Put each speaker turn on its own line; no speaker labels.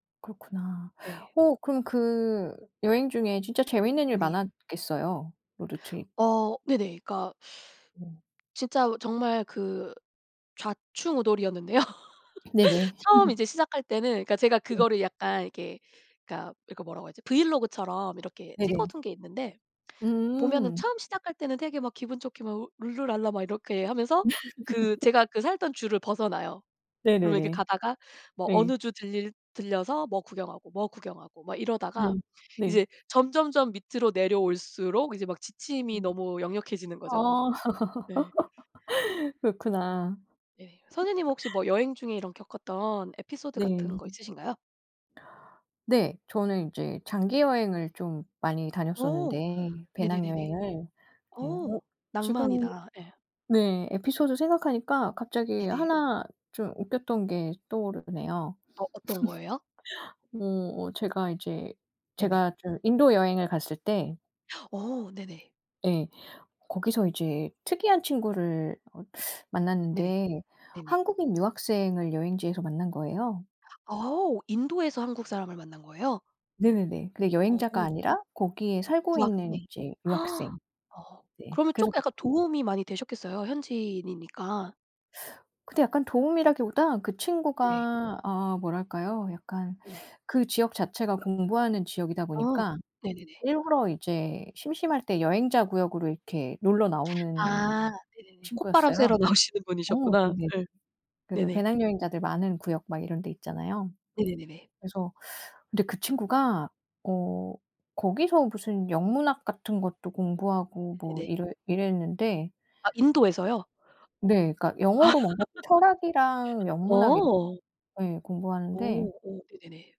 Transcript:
그렇구나.
예.
어 그럼 그 여행 중에 진짜 재밌는 일
네.
많았겠어요? 로드 트립.
어 네네. 그러니까
음.
진짜 정말 그 좌충우돌이었는데요.
네네.
처음 이제 시작할 때는 제가
네.
그거를 약간 이렇게 그니까 이거 뭐라고 해야 하지? 브이로그처럼 이렇게
네네.
찍어둔 게 있는데 보면은
음.
처음 시작할 때는 되게 막 기분 좋게 막 룰루랄라 막 이렇게 하면서 그 제가 그 살던 주를 벗어나요. 그러면 이렇게
네네네.
가다가 뭐
예.
어느 주 들 들려서 뭐 구경하고, 뭐 구경하고 막 이러다가
네. 네.
이제 점점점 밑으로 내려올수록 이제 막 지침이
음.
너무 역력해지는 거죠.
아
네.
그렇구나.
예 선생님은 혹시 뭐 여행 중에 이런 겪었던 에피소드 같은
네.
거 있으신가요?
네. 저는 이제 장기 여행을 좀 많이
어
다녔었는데
네네네네.
배낭여행을. 네 어
어
지금
낭만이다. 예.
네. 에피소드 생각하니까 갑자기
네네.
1 좀 웃겼던 게 떠오르네요.
어 어떤 거예요?
뭐 제가 이제
네네.
제가 좀 인도 여행을 갔을 때
어 네네.
예. 거기서 이제 특이한 친구를 어
네네.
만났는데
네네.
한국인 유학생을 여행지에서 만난 거예요.
어 인도에서 한국 사람을 만난 거예요?
네네네. 근데
어.
여행자가 아니라 거기에 살고 있는
유학생.
이제 유학생.
아.
네
그러면
그래서
쪼끔 약간 도움이 많이 되셨겠어요. 현지인이니까.
근데 약간 도움이라기보다 그
네.
친구가 어 뭐랄까요? 약간
네.
그 지역 자체가 공부하는 지역이다
어
보니까
네네네.
일부러 이제 심심할 때 여행자 구역으로 이렇게 놀러 나오는
아 네네네. 콧바람
친구였어요.
쐬러 나오시는
어
분이셨구나.
네네.
예.
그래서
네네.
배낭여행자들 많은 구역 막 이런 데 있잖아요.
네네네네.
그래서 근데 그 친구가 어 거기서 무슨 영문학 같은 것도 공부하고 뭐
네네.
이래 이랬는데
아 인도에서요?
네. 그니까 영어로 뭔가 철학이랑 영문학을
어.
예
어
공부하는데
오 네네네.